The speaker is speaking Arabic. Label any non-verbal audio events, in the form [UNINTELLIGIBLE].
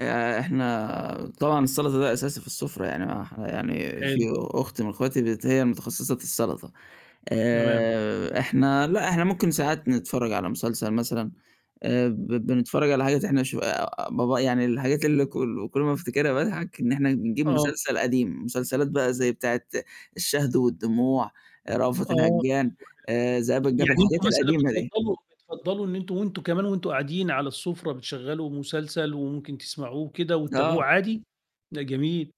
آآ، إحنا طبعًا السلطة ده أساسي في السفرة، يعني يعني في حلو أخت من أخواتي هي متخصصة في السلطة، تمام. آآ، إحنا لا إحنا ممكن ساعات نتفرج على مسلسل مثلًا، آآ، ب بنتفرج على حاجات إحنا شو ب يعني الحاجات اللي كل كل ما افتكرها باضحك، إن إحنا نجيب آه. مسلسل قديم، مسلسلات بقى زي بتاعة الشهد والدموع، رأفت آه الهجان، ذئاب [UNINTELLIGIBLE] الجبل، يعني الحاجات أنتم مثلًا القديمة دي. بتفضلوا بتفضلوا إن أنتم وأنتم كمان وأنتم قاعدين على السفرة بتشغلوا مسلسل وممكن تسمعوه وكده وتتابعوه آه عادي؟ لا جميل.